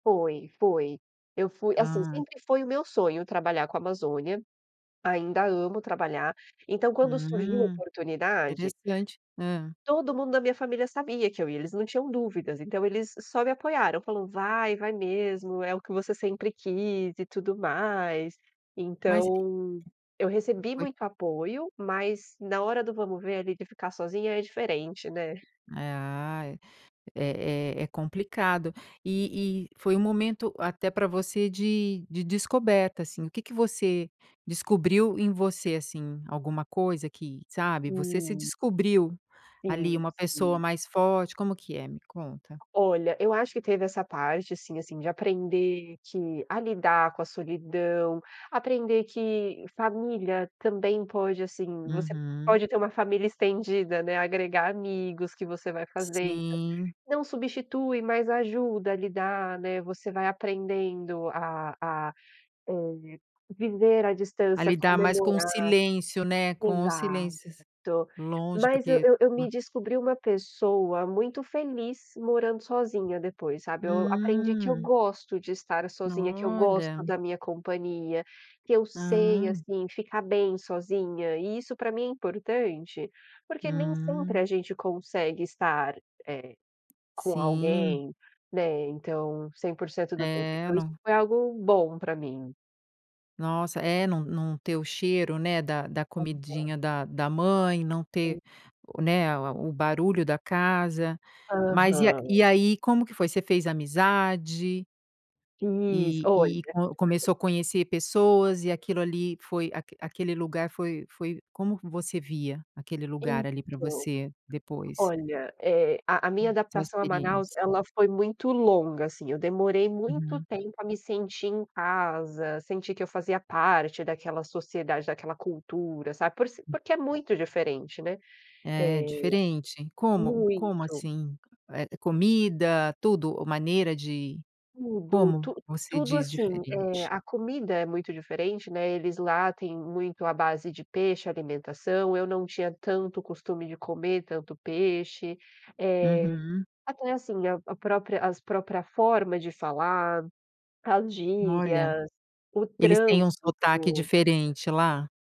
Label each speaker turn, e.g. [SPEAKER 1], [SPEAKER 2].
[SPEAKER 1] Foi, foi. Eu fui assim,
[SPEAKER 2] Ah.
[SPEAKER 1] sempre foi o meu sonho trabalhar com a Amazônia, ainda amo trabalhar, então quando surgiu a
[SPEAKER 2] Hum,
[SPEAKER 1] oportunidade
[SPEAKER 2] interessante. Hã.
[SPEAKER 1] todo mundo da minha família sabia que eu ia, eles não tinham dúvidas, então eles só me apoiaram, falou: "Vai, vai mesmo, é o que você sempre quis e tudo mais."
[SPEAKER 2] Mas e e
[SPEAKER 1] Então, eu recebi
[SPEAKER 2] foi
[SPEAKER 1] muito apoio, mas na hora do vamos ver ali de ficar sozinha é diferente, né?
[SPEAKER 2] É, ah, é é é é complicado. E e foi um momento, até para você, de de descoberta, assim, o que que você descobriu em você, assim? Alguma coisa que, sabe, você se
[SPEAKER 1] Sim.
[SPEAKER 2] descobriu
[SPEAKER 1] Sim,
[SPEAKER 2] ali uma pessoa
[SPEAKER 1] sim.
[SPEAKER 2] mais forte. Como que é? Me conta.
[SPEAKER 1] Olha, eu acho que teve essa parte, assim assim, de aprender que a lidar com a solidão, aprender que família também pode, assim, você
[SPEAKER 2] Uhum.
[SPEAKER 1] pode ter uma família estendida, né, agregar amigos que você vai fazendo. Então,
[SPEAKER 2] Sim.
[SPEAKER 1] não substitui, mas ajuda a lidar, né, você vai aprendendo a a, eh, viver à
[SPEAKER 2] A
[SPEAKER 1] distância,
[SPEAKER 2] lidar mais com o
[SPEAKER 1] comemorar.
[SPEAKER 2] silêncio, né, com os
[SPEAKER 1] Exato.
[SPEAKER 2] silêncios. Longe
[SPEAKER 1] Mas eu
[SPEAKER 2] porque
[SPEAKER 1] eu eu me
[SPEAKER 2] Hã.
[SPEAKER 1] descobri uma pessoa muito feliz morando sozinha depois, sabe. Eu aprendi que eu
[SPEAKER 2] Hum.
[SPEAKER 1] gosto de estar sozinha, que eu
[SPEAKER 2] Olha.
[SPEAKER 1] gosto da minha companhia, que eu sei,
[SPEAKER 2] Ah.
[SPEAKER 1] assim, ficar bem sozinha e isso para mim é importante porque nem sempre
[SPEAKER 2] Hum.
[SPEAKER 1] a gente consegue estar, eh, com
[SPEAKER 2] Sim.
[SPEAKER 1] alguém, né, então 100% do tempo.
[SPEAKER 2] É,
[SPEAKER 1] Então isso
[SPEAKER 2] não
[SPEAKER 1] foi algo bom para mim.
[SPEAKER 2] Nossa, é, não não ter o cheiro, né, da da
[SPEAKER 1] Aham.
[SPEAKER 2] comidinha da da mãe. Não ter
[SPEAKER 1] Sim.
[SPEAKER 2] o, né, a o barulho da casa, mas e a
[SPEAKER 1] Aham.
[SPEAKER 2] e aí como que foi? Você fez amizade
[SPEAKER 1] Fiz,
[SPEAKER 2] e
[SPEAKER 1] olha.
[SPEAKER 2] e co começou a conhecer pessoas e aquilo ali foi a aquele lugar foi foi Como você via aquele lugar ali para
[SPEAKER 1] Então,
[SPEAKER 2] você depois?
[SPEAKER 1] olha, eh, a a minha
[SPEAKER 2] Hum. Sua
[SPEAKER 1] adaptação a Manaus
[SPEAKER 2] experiência.
[SPEAKER 1] ela foi muito longa, assim, eu demorei muito
[SPEAKER 2] Uhum.
[SPEAKER 1] tempo a me sentir em casa, sentir que eu fazia parte daquela sociedade, daquela cultura, sabe? Por ser
[SPEAKER 2] Hum.
[SPEAKER 1] porque é muito diferente, né?
[SPEAKER 2] É,
[SPEAKER 1] Eh,
[SPEAKER 2] diferente. Como? Como
[SPEAKER 1] muito.
[SPEAKER 2] assim? Eh, comida, tudo ou maneira de
[SPEAKER 1] Tudo,
[SPEAKER 2] Como
[SPEAKER 1] tu
[SPEAKER 2] você
[SPEAKER 1] tudo
[SPEAKER 2] diz
[SPEAKER 1] assim, eh,
[SPEAKER 2] diferente?
[SPEAKER 1] a comida é muito diferente, né, eles lá têm muito à base de peixe a alimentação, eu não tinha tanto costume de comer tanto peixe. Eh,
[SPEAKER 2] Uhum.
[SPEAKER 1] até, assim, a a própria as própria forma de falar, as
[SPEAKER 2] Olha.
[SPEAKER 1] gírias, o
[SPEAKER 2] Eles têm um sotaque
[SPEAKER 1] trânsito.
[SPEAKER 2] diferente lá?